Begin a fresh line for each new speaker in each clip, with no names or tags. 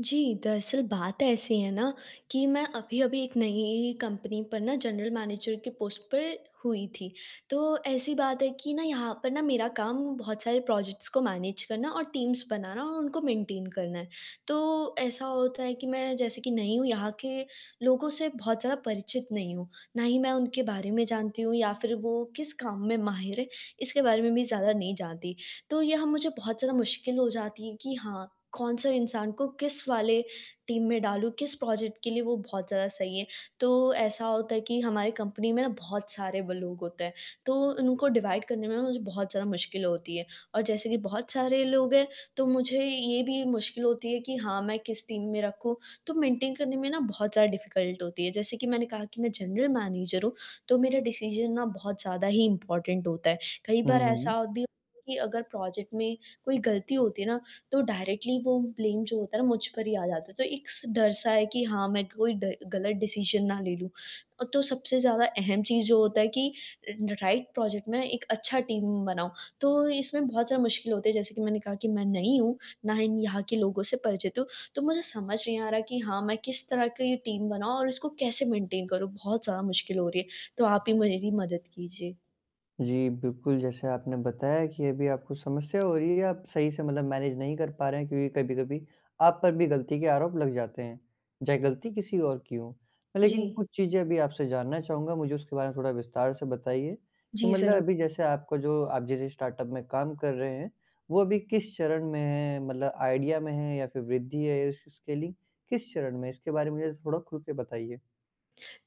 जी, दरअसल बात ऐसी है ना कि मैं अभी-अभी एक नई कंपनी पर ना जनरल मैनेजर के पोस्ट पर हुई थी। तो ऐसी बात है कि ना यहाँ पर ना मेरा काम बहुत सारे प्रोजेक्ट्स को मैनेज करना और टीम्स बनाना और उनको मेंटेन करना है। तो ऐसा होता है कि मैं जैसे कि नई हूँ यहाँ के लोगों से बहुत ज़्यादा परिचित नहीं हूँ, ना ही मैं उनके बारे में जानती हूँ या फिर वो किस काम में माहिर है इसके बारे में भी ज़्यादा नहीं जानती। तो यहाँ मुझे बहुत ज़्यादा मुश्किल हो जाती कि हाँ, कौन सा इंसान को किस वाले टीम में डालूँ किस प्रोजेक्ट के लिए वो बहुत ज़्यादा सही है। तो ऐसा होता है कि हमारी कंपनी में ना बहुत सारे [unintelligible] होते हैं, तो उनको डिवाइड करने में मुझे बहुत ज़्यादा मुश्किल होती है। और जैसे कि बहुत सारे लोग हैं तो मुझे ये भी मुश्किल होती है कि हाँ, मैं किस टीम में रखूँ। तो मेंटेन करने में ना बहुत ज़्यादा डिफिकल्ट होती है जैसे कि मैंने कहा कि मैं जनरल मैनेजर हूँ, तो मेरा डिसीजन ना बहुत ज़्यादा ही इम्पोर्टेंट होता है। कई
हुँ,
बार
हुँ।
ऐसा भी कि अगर प्रोजेक्ट में कोई गलती होती है ना तो डायरेक्टली वो ब्लेम जो होता है ना मुझ पर ही आ जाता है। तो एक स डर सा है कि हाँ, मैं कोई ग़लत डिसीजन ना ले लूँ। तो सबसे ज़्यादा अहम चीज़ जो होता है कि राइट प्रोजेक्ट में एक अच्छा टीम बानाऊँ, तो इसमें बहुत ज़्यादा मुश्किल होती जैसे कि मैंने कहा कि मैं नई हूँ, ना ही यहाँ के लोगों से परिचित हूँ। तो मुझे समझ नहीं आ रहा कि हाँ, मैं किस तरह की टीम बनाऊँ और इसको कैसे मेंटेन करूँ? बहुत ज़्यादा मुश्किल हो रही है। तो आप ही मेरी मदद कीजिए।
जी बिल्कुल, जैसे आपने बताया कि अभी आपको समस्या हो रही है आप सही से मतलब मैनेज नहीं कर पा रहे हैं क्योंकि कभी-कभी, आप पर भी गलती के आरोप लग जाते हैं, चाहे गलती किसी और की हो। लेकिन
जी।
कुछ चीज़ें अभी आपसे जानना चहूँगा मुझे उसके बारे में थोड़ा विस्तार से बताइए, कि
जी,
मतलब
ज़रू
अभी जैसे आपका जो आप जिस स्टार्टअप में काम कर रहे हैं, वो अभी किस चरण में है, मतलब आइडिया में है या फिर वृद्धि है उस उसके लि किस चरण में है इसके बारे में मुझे थोड़ा खुल के बताइए?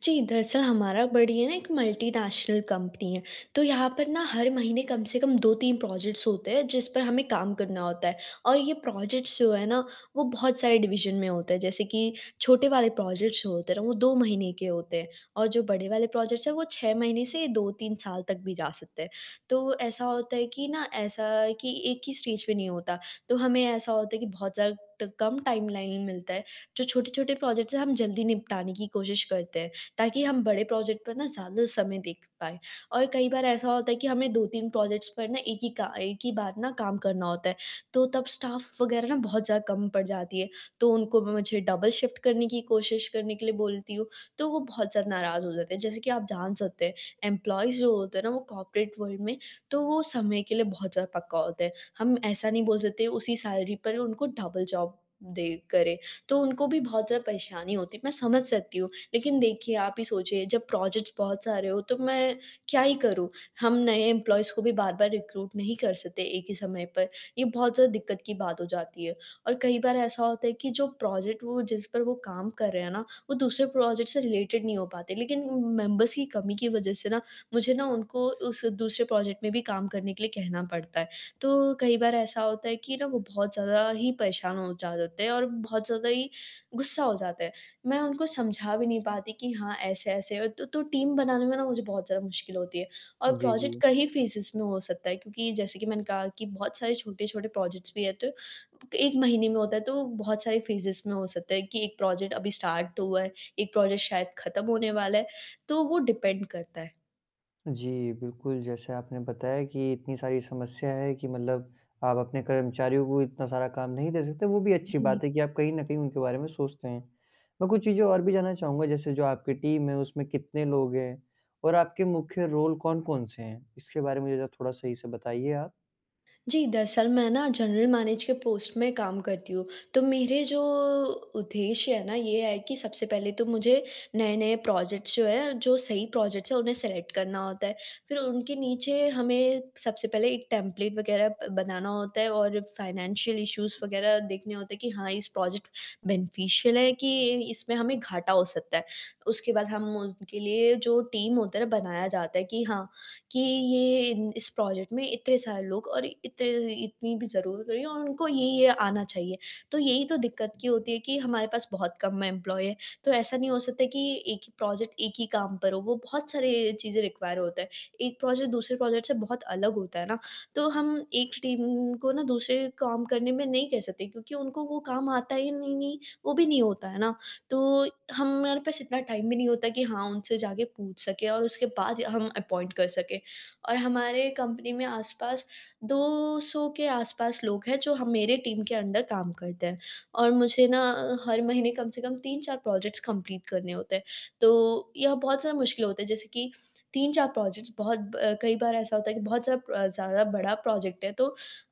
जी, दरअसल हमारा बड़ी है ना एक मल्टीनेशनल कंपनी है, तो यहाँ पर न हर महीने कम से कम 2-3 प्रोजेक्ट्स होते हैं जिस पर हमें काम करना होता है और ये प्रोजेक्ट्स जो है ना वो बहुत सारे डिवीज़न में होते हैं, जैसे कि छोटे वाले प्रोजेक्ट्स जो होते हैं ना वो 2 महीने के होते हैं और जो बड़े वाले प्रोजेक्ट्स हैं वो 6 महीने से 2-3 साल तक भी जा सकते हैं। तो ऐसा होता है कि ना ऐसा अ, कि एक ही स्टेज पे नहीं होता तो हमें ऐसा होता है कि बहुत ज़्यादा ट कम टाइमलाइन मिलता है, जो छोटे-छोटे प्रोजेक्ट्स हैं हम जल्दी निपटाने की कोशिश करते हैं, ताकि हम बड़े प्रोजेक्ट पर ना ज़्यादा समय देख पाएँ। और कई बार ऐसा होता है कि हमें 2-3 प्रोजेक्ट्स पर ना एक ही का एक ही बार ना काम करना होता है तो तब स्टाफ वगैरह ना बहुत ज़्यादा कम पड़ जाती है तो उनको ब मुझे डबल शिफ्ट करने की कोशिश करने के लिए बोलती हूँ, तो वो बहुत ज़्यादा नाराज़ हो जाते हैं, जैसे कि आप जान सकते हैं एम्प्लॉइज़ जो होते हैं ना वो कॉर्पोरेट वर्ल्ड में तो वो समय के लिए बहुत ज़्यादा पक्का होता है। हम ऐसा नहीं बोल सकते उसी सैलरी पर उनको डबल जॉब दे करें तो उनको भी बहुत ज़्यादा परेशानी होती है मैं समझ सकती हूँ। लेकिन देखिए आप ही सोचिए जब प्रोजेक्ट्स बहुत सारे हो तो मैं क्या ही करूँ? हम नए एम्प्लॉइज़ को भी बार-बार रिक्रूट नहीं कर सकते एक ही समय पर, ये बहुत ज़्यादा दिक्कत की बात हो जाती है। और कई बार ऐसा होता है कि जो प्रोजेक्ट वो जिस पर वो काम कर रहे हैं ना, वो दूसरे प्रोजेक्ट से रिलेटेड नहीं हो पाते, लेकिन मेंबर्स की कमी की वजह से ना, मुझे ना उनको उस दूसरे प्रोजेक्ट में भी काम करने के लिए कहना पड़ता है। तो कई बार ऐसा होता है कि ना वो बहुत ज़्यादा ही परेशान हो जाते हैं और बहुत ज़्यादा ही गुस्सा हो जाते हैं, मैं उनको समझा भी नहीं पाती कि हाँ, ऐसे-ऐसे है तो तो टीम बनाने में ना मुझे बहुत ज़्यादा मुश्किल होती है। और
जी,
प्रोजेक्ट
जी।
कई फेजेस में हो सकता है क्योंकि जैसे कि मैंने कहा कि बहुत सारे छोटे-छोटे प्रोजेक्ट्स भी है तो 1 महीने में होता है। तो बहुत सारे फेजेस में हो सकता है कि 1 प्रोजेक्ट अभी स्टार्ट तो हुआ है, 1 प्रोजेक्ट शायद खत्म होने वाला है, तो वो डिपेंड करता है।
जी, बिल्कुल, जैसे आपने बताया कि इतनी सारी समस्या है कि मतलब आप अपने कर्मचारियों को इतना सारा काम नहीं दे सकते, वो भी अच्छी
जी।
बात है कि आप कहीं न कहीं उनके बारे में सोचते हैं। मैं कुछ चीज़ें और भी जानना चाहूँगा जैसे जो आपकी टीम है उसमें कितने लोग हैं? और आपके मुख्य रोल कौन-कौन से हैं? इसके बारे में मुझे थोड़ा सही से बताइए आप।
जी, दरअसल मैं ना जनरल मैनेज के पोस्ट में काम करती हूँ तो मेरे जो उद्देश्य है ना ये है कि सबसे पहले तो मुझे नए-नए प्रोजेक्ट्स जो हैं, जो सही प्रोजेक्ट्स हैं उन्हें सेलेक्ट करना होता है। फिर उनके नीचे हमें सबसे पहले एक टेम्पलेट वग़ैरह अ, बनाना होता है और फाइनेंशियल इश्यूज वग़ैरह देखने होते हैं कि हाँ इस प्रोजेक्ट बेनिफिशियल है कि इसमें हमें घाटा हो सकता है? उसके बाद हम उनके लिए जो टीम होता है, बनाया जाता है कि हाँ, कि ये इस प्रोजेक्ट में इतने सारे लोग और इते इतनी भी ज़रूरत करी और उनको ये-ये आना चाहिए। तो यही तो दिक्कत की होती है कि हमारे पास बहुत-कम एम्प्लॉयी है। तो ऐसा नहीं हो सकता है कि एक ही प्रोजेक्ट एक ही काम पर हो, वो बहुत सारे चीज़ें रिक्वायर होता है। एक प्रोजेक्ट दूसरे प्रोजेक्ट से बहुत अलग होता है ना। तो हम एक टीम को ना दूसरे काम करने में नहीं कह सकते क्योंकि उनको वो काम आता ही नहीं है, वो भी नहीं होता है ना। तो हमारे पास इतना टाइम भी नहीं होता कि हाँ उनसे जाके पूछ सके और उसके बाद ही हम अपॉइंट कर सकें और हमारे कंपनी में आस-पास 200 के आस-पास लोग हैं जो ह मेरे टीम के अंडर काम करते हैं। और मुझे ना हर महीने कम से कम 3-4 प्रोजेक्ट्स कंप्लीट करने होते हैं। तो यह बहुत सा मुश्किल होता है जैसे कि 3-4 प्रोजेक्ट्स बहुत ब कई बार ऐसा होता है कि बहुत सारा ज़्यादा बड़ा प्रोजेक्ट है तो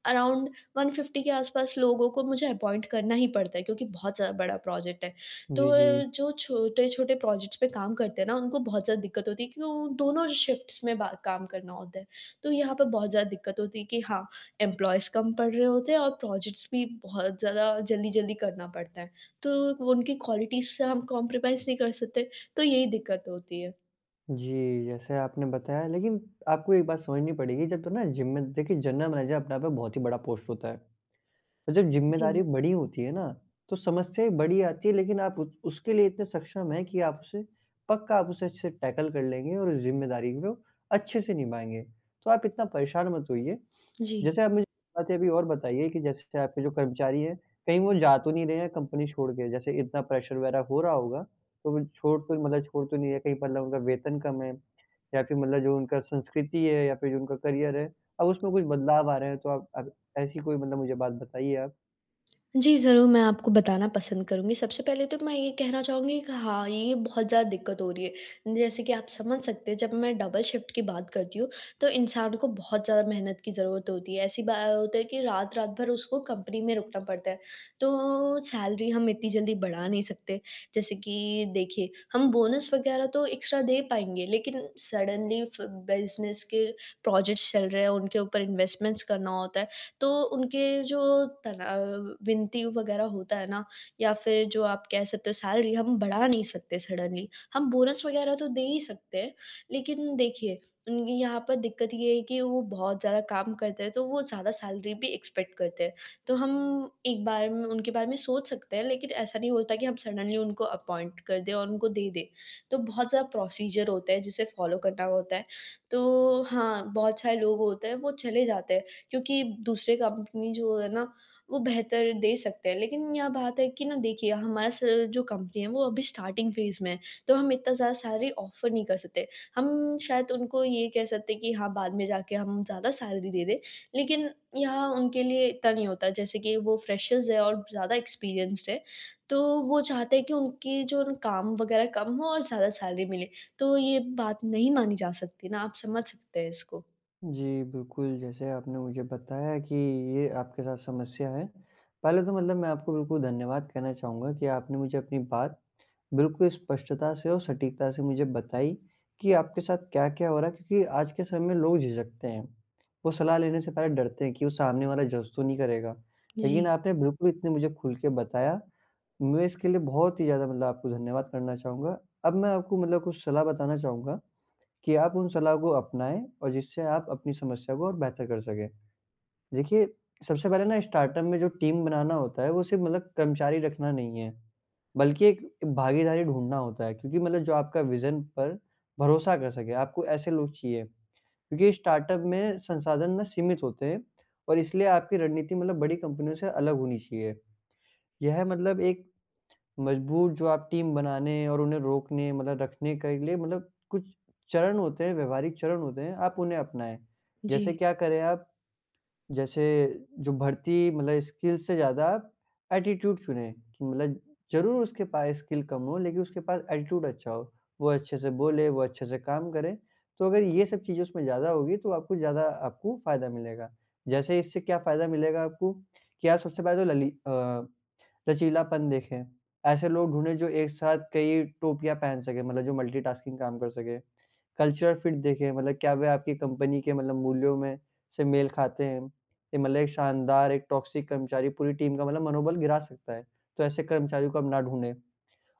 अराउंड 150 के आस-पास लोगों को मुझे अपॉइंट करना ही पड़ता है क्योंकि बहुत ज़्यादा बड़ा प्रोजेक्ट है। तो
जी,
अ,
जी।
जो छोटे-छोटे प्रोजेक्ट्स पे काम करते हैं ना, उनको बहुत ज़्यादा दिक्कत होती है क्योंकि वो दोनों शिफ्ट्स में बा काम करना होता है। तो यहाँ पर बहुत ज़्यादा दिक्कत होती है कि हाँ, इम्प्लॉइज कम पढ़ रहे होते हैं और प्रोजेक्ट्स भी बहुत ज़्यादा जल्दी-जल्दी करना पड़ता है। तो उनकी क्वालिटीज़ से हम कंप्रोमाइज़ नहीं कर सकते। तो यही दिक्कत होती है।
जी, जैसे आपने बताया, लेकिन आपको एक बात समझनी पड़ेगी जब तो ना जिम में देखिए जनरल मैनेजर अपने आप में बहुत ही बड़ा पोस्ट होता है। जब ज़िम्मेदारी
जी।
बड़ी होती है ना तो समस्याएँ बड़ी आती हैं लेकिन आप ऊ उसके लिए इतने सक्षम है कि आप उसे पक्का आप उसे टैकल कर लेंगे और उस ज़िम्मेदारी को अच्छे से निभाएँगे, तो आप इतना परेशान मत होइए।
जी।
जैसे आप मुझे बातें अभी और बताइए कि जैसे आपके जो कर्मचारी हैं, कहीं वो जा तो नहीं रहे हैं कंपनी छोड़ के? जैसे इतना प्रेशर वगैरह हो रहा होगा, तो वो छोड़ तो मतलब छोड़ तो नहीं रहे कहीं मतलब उनका वेतन कम है? या फिर मतलब जो उनका संस्कृति है या फिर जो उनका करियर है, अब उसमें कुछ बदलाव आ रहे हैं तो आप आप ऐसी कोई मतलब मुझे बात बताइए आप।
जी, ज़रूर मैं आपको बताना पसंद करूँगी, सबसे पहले तो मैं ये कहना चहूँगी कि हाँ, ये बहुत ज़्यादा दिक्कत हो रही है। जैसे कि आप समझ सकते हैं जब मैं डबल शिफ्ट की बात करती हूँ, तो इंसानों को बहुत ज़्यादा मेहनत की ज़रूरत होती है। ऐसी बा अ, होता है कि रात-रात भर उसको कंपनी में रुकना पड़ता है। तो सैलरी हम इतनी जल्दी बढ़ा नहीं सकते, जैसे कि देखिए, हम बोनस वग़ैरह तो एक्स्ट्रा दे पाएँगे लेकिन सडनली फ बिज़नेस के प्रोजेक्ट्स चल रहे हैं उनके ऊपर इन्वेस्टमेंट्स करना होता है, तो उनके जो तनाव विनती वग़ैरह होता है ना, या फिर जो आप कह सकते हो सैलरी हम बढ़ा नहीं सकते सडनली, हम बोनस वग़ैरह तो दे ही सकते हैं, लेकिन देखिए, उनकी यहाँ पर दिक्कत ये है कि वो बहुत ज़्यादा काम करते हैं तो वो ज़्यादा सैलरी भी एक्सपेक्ट करते हैं, तो हम एक बार म उनके बारे में सोच सकते हैं लेकिन ऐसा नहीं होता कि हम सडनली उनको अपॉइंट कर दें और उनको दे दें। तो बहुत ज़्यादा प्रोसीजर होता है जिसे फ़ॉलो करना होता है, तो हाँ, बहुत सारे लोग होते हैं वो चले जाते हैं क्योंकि दूसरे कंपनी जो है ना वो बेहतर दे सकते हैं लेकिन यह बात है कि ना देखिए, हमारा स जो कंपनी है वो अभी स्टार्टिंग फेज में है तो हम इतना ज़्यादा सैलरी ऑफर नहीं कर सकते। हम शायद उनको ये कह सकते हैं कि हाँ बाद में जाके हम ज़्यादा सैलरी दे दें लेकिन यहाँ उनके लिए इतना नहीं होता जैसे कि वो फ्रेशर्स है और ज़्यादा एक्सपीरियंस्ड हैं, तो वो चाहते हैं कि उनकी जो काम वग़ैरह कम हो और ज़्यादा सैलरी मिले। तो ये बात नहीं मानी जा सकती ना आप समझ सकते हैं इसको।
जी, बिल्कुल, जैसे आपने मुझे बताया कि ये आपके साथ समस्या है। पहले तो मतलब मैं आपको बिल्कुल धन्यवाद कहना चाहूँगा कि आपने मुझे अपनी बात बिल्कुल स्पष्टता से और सटीकता से मुझे बताई, कि आपके साथ क्या-क्या हो रहा है क्योंकि आज के समय में लोग झिझकते हैं, वो सलाह लेने से पहले डरते हैं कि वो सामने वाला जज़ तो नहीं करेगा। लेकिन
जी।
आपने बिल्कुल इतने मुझे खुल के बताया, मैं इसके लिए बहुत ही ज़्यादा मतलब आपको धन्यवाद करना चाहूँगा, अब मैं आपको मतलब कुछ सलाह बताना चाहूँगा, कि आप उन सलाह को अपनाएँ और जिससे आप अपनी समस्या को और बेहतर कर सकें। देखिए, सबसे पहले ना स्टार्टअप में जो टीम बनाना होता है, वो सिर्फ मतलब कर्मचारी रखना नहीं है, बल्कि एक भागीदारी ढूँढ़ना होता है, क्योंकि मतलब जो आपका विजन पर भरोसा कर सके, आपको ऐसे लोग चाहिए। क्योंकि स्टार्टअप में संसाधन ना सीमित होते हैं और इसलिए आपकी रणनीति मतलब बड़ी कंपनियों से अलग होनी चाहिए। यह मतलब एक मजबूत जो आप टीम बनाने और उन्हें रोकने मतलब रखने के लिए मतलब कुछ चरण होते हैं, व्यावहारिक चरण होते हैं आप उन्हें अपनाएँ। जैसे
जी।
क्या करें आप, जैसे जो भर्ती मतलब स्किल्स से ज़्यादा आप एटीट्यूड चुने, कि मतलब ज़रूर उसके पास स्किल कम हो लेकिन उसके पास एटीट्यूड अच्छा हो, वो अच्छे से बोले, वो अच्छे से काम करे, तो अगर ये सब चीज़ उसमें ज़्यादा होगी, तो आपको ज़्यादा आपको फायदा मिलेगा। जैसे इससे क्या फायदा मिलेगा आपको, कि आप सबसे पहले तो लली अ, लचीलापन देखें, ऐसे लोग ढूँढ़ें जो एक साथ कई टोपियाँ पहन सकें मतलब जो मल्टीटास्किंग काम कर सकें। कल्चरल फिट देखें मतलब क्या वह आपकी कंपनी के मतलब मूल्यों में से मेल खाते हैं? ए मतलब एक शानदार एक टॉक्सिक कर्मचारी पूरी टीम का मतलब मनोबल गिरा सकता है, तो ऐसे कर्मचारियों को आप ना ढूँढ़ें। अ,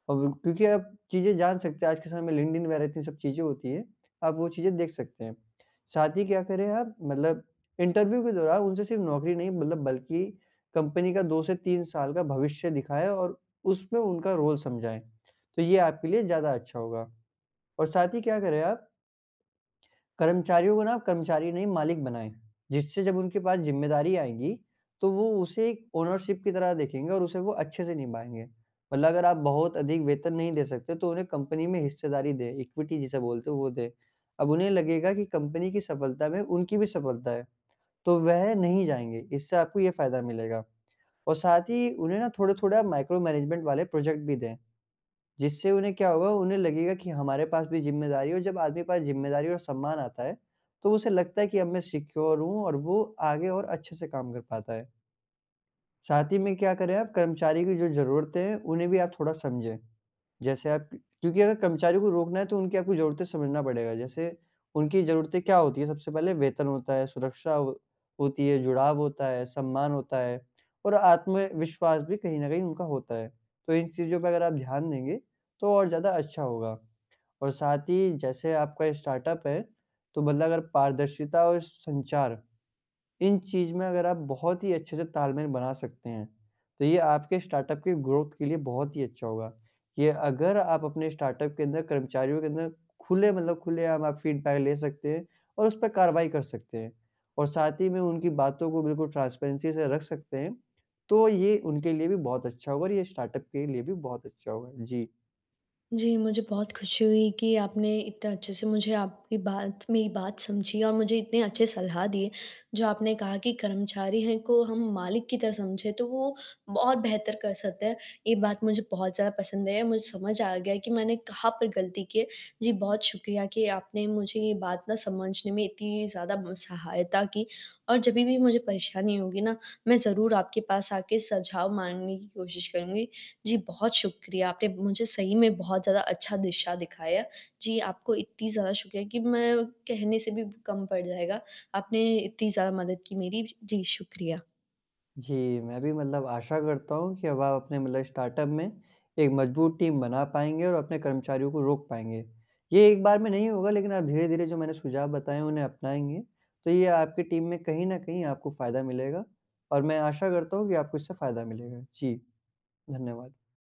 क्यों क्योंकि आप चीजें जान सकते हैं आज के समय में लिंक्डइन वगैरह इतनी सब चीजें होती हैं, आप वो चीजें देख सकते हैं, साथ ही क्या करें आप मतलब इंटरव्यू के दौरान उनसे सिर्फ नौकरी नहीं मतलब बल्कि कंपनी का 2 से 3 साल का भविष्य दिखाएँ और उसमें उनका रोल समझाएँ, तो ये आपके लिए ज़्यादा अच्छा होगा। और साथ ही क्या करें आप कर्मचारियों को ना आप कर्मचारी नहीं मालिक बनाएँ, जिससे जब उनके पास जिम्मेदारी आएगी, तो वो उसे एक ओनरशिप की तरह देखेंगे और उसे वो अच्छे से निभाएँगे। मतलब अगर आप बहुत अधिक वेतन नहीं दे सकते, तो उन्हें कंपनी में हिस्सेदारी दे, इक्विटी जिसे बोलते हैं वो दे, अब उन्हें लगेगा कि कंपनी की सफलता में उनकी भी सफलता है। तो वह नहीं जाएँगे इससे आपको ये फायदा मिलेगा और साथ ही उन्हें ना थोड़ा-थोड़ा माइक्रो मैनेजमेंट वाले प्रोजेक्ट भी दें, जिससे उन्हें क्या होगा? उन्हें लगेगा कि हमारे पास भी जिम्मेदारी है और जब आदमी के पास जिम्मेदारी और सम्मान आता है, तो उसे लगता है कि अब मैं सिक्योर हूँ और वो आगे और अच्छे से काम कर पाता है। साथ ही में क्या करें आप कर्मचारी की जो ज़रूरतें हैं, उन्हें भी आप थोड़ा समझे, जैसे आप क्योंकि अगर कर्मचारियों को रोकना है तो उनकी आपको ज़रूरतें समझना पड़ेगा, जैसे उनकी ज़रूरतें क्या होती है? सबसे पहले वेतन होता है, सुरक्षा होती है, जुड़ाव होता है, सम्मान होता है और आत्मविश्वास भी कहीं न कहीं उनका होता है, तो इन चीज़ों पे अगर आप ध्यान देंगे, तो और ज़्यादा अच्छा होगा। और साथ ही जैसे आपका ये स्टार्टअप है, तो मतलब अगर पारदर्शिता और संचार, इन चीज़ में अगर आप बहुत ही अच्छे से तालमेल बना सकते हैं, तो ये आपके स्टार्टअप के ग्रोथ के लिए बहुत ही अच्छा होगा। ये अगर आप अपने स्टार्टअप के अंदर कर्मचारियों के अंदर खुले मतलब खुलेआम आप फीडबैक ले सकते हैं और उस पे कार्रवाई कर सकते हैं और साथ ही में उनकी बातों को बिल्कुल ट्रांसपेरेंसी से रख सकते हैं, तो ये उनके लिए भी बहुत अच्छा होगा और ये स्टार्टअप के लिए भी बहुत अच्छा होगा। जी।
जी, मुझे बहुत खुशी हुई कि आपने इतने अच्छे से मुझे आपकी बात मेरी बात समझी और मुझे इतने अच्छे सलाह दिए, जो आपने कहा कि कर्मचारी हैं को हम मालिक की तरह समझे तो वो बहुत बेहतर कर सकते हैं, ये बात मुझे बहुत ज़्यादा पसंद आई और मुझे समझ आ गया कि मैंने कहाँ पर गलती की है। जी, बहुत शुक्रिया कि आपने मुझे ये बात ना समझने में इतनी ज़्यादा म सहायता की और जभी भी मुझे परेशानी होगी ना, मैं ज़रूर आपके पास आके सुझाव माँगने की कोशिश करूँगी। जी, बहुत शुक्रिया आपने मुझे सही में बहुत ज़्यादा अच्छा दिशा दिखाया, जी, आपको इतनी ज़्यादा शुक्रिया कि मैं कहने से भी ब कम पड़ जाएगा। आपने इतनी ज़्यादा मदद की मेरी, जी, शुक्रिया।
जी, मैं भी मतलब आशा करता हूँ कि अब आप अपने मतलब स्टार्टअप में, एक मजबूत टीम बना पाएँगे और अपने कर्मचारियों को रोक पाएँगे। ये एक बार में नहीं होगा लेकिन आप धीरे-धीरे जो मैंने सुझाव बताए हैं उन्हें अपनाएँगे, तो ये आपकी टीम में कहीं न कहीं आपको फायदा मिलेगा और मैं आशा करता हूँ कि आपको इससे फायदा मिलेगा। जी, धन्यवाद।